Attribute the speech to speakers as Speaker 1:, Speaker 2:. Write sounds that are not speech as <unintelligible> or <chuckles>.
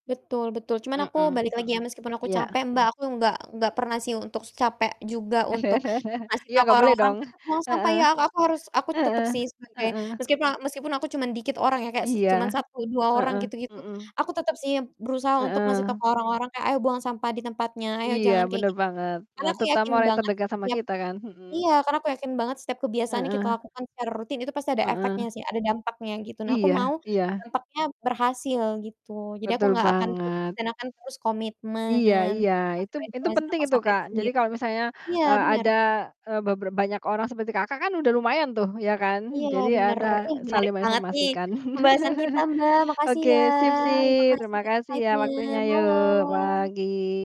Speaker 1: Betul betul cuman aku
Speaker 2: Mhm
Speaker 1: balik lagi ya,
Speaker 2: mhm,
Speaker 1: meskipun aku
Speaker 2: iya.
Speaker 1: capek Mbak, aku nggak enggak pernah sih untuk capek juga untuk
Speaker 2: <chuckles>
Speaker 1: ngasih
Speaker 2: Iya,
Speaker 1: tau ke
Speaker 2: nggak boleh
Speaker 1: orang-orang,
Speaker 2: dong,
Speaker 1: "Tetap buang sampah
Speaker 2: heeh,
Speaker 1: ya." aku harus aku tetep
Speaker 2: heeh,
Speaker 1: sih sebagai
Speaker 2: heeh.
Speaker 1: meskipun a meskipun aku cuman dikit orang ya, kayak s cuman
Speaker 2: Iya,
Speaker 1: 1 2 orang
Speaker 2: heeh,
Speaker 1: gitu gitu,
Speaker 2: mhm.
Speaker 1: aku tetap sih berusaha untuk ngasih tau
Speaker 2: Heeh.
Speaker 1: ke orang-orang kayak, "Ayo buang sampah di tempatnya ayo
Speaker 2: Iya
Speaker 1: jangan kayak
Speaker 2: bener
Speaker 1: gitu,"
Speaker 2: banget,
Speaker 1: karena
Speaker 2: eee,
Speaker 1: aku
Speaker 2: terutama
Speaker 1: yakin
Speaker 2: yang
Speaker 1: banget
Speaker 2: terdekat sama
Speaker 1: setiap
Speaker 2: kita kan, mhm.
Speaker 1: iya, karena aku yakin banget setiap kebiasaan kita
Speaker 2: Heeh.
Speaker 1: lakukan secara rutin itu pasti ada efeknya
Speaker 2: Heeh.
Speaker 1: sih, ada dampaknya gitu. Nah aku
Speaker 2: Iya
Speaker 1: mau
Speaker 2: iya.
Speaker 1: dampaknya berhasil gitu, jadi aku
Speaker 2: Betul
Speaker 1: gak akan pupus
Speaker 2: banget.
Speaker 1: dan akan terus
Speaker 2: Iya
Speaker 1: komitmen,
Speaker 2: iya, itu
Speaker 1: <unintelligible>
Speaker 2: itu penting
Speaker 1: tong
Speaker 2: itu
Speaker 1: sampah
Speaker 2: Kak,
Speaker 1: itu
Speaker 2: jadi
Speaker 1: sendiri,
Speaker 2: kalau misalnya,
Speaker 1: iya
Speaker 2: eee, ada,
Speaker 1: benar.
Speaker 2: eee, bebe banyak orang seperti Kakak kan udah lumayan tuh ya kan?
Speaker 1: Iya
Speaker 2: Jadi
Speaker 1: benar,
Speaker 2: ada
Speaker 1: ih menarik
Speaker 2: saling
Speaker 1: banget nih
Speaker 2: menginformasikan.
Speaker 1: pembahasan kita
Speaker 2: <chuckles>
Speaker 1: Mbak, makasih
Speaker 2: Oke,
Speaker 1: ya
Speaker 2: sip sip
Speaker 1: informasi
Speaker 2: terima
Speaker 1: dan
Speaker 2: kasih ya
Speaker 1: insightnya,
Speaker 2: waktunya, yo
Speaker 1: malam.
Speaker 2: pagi.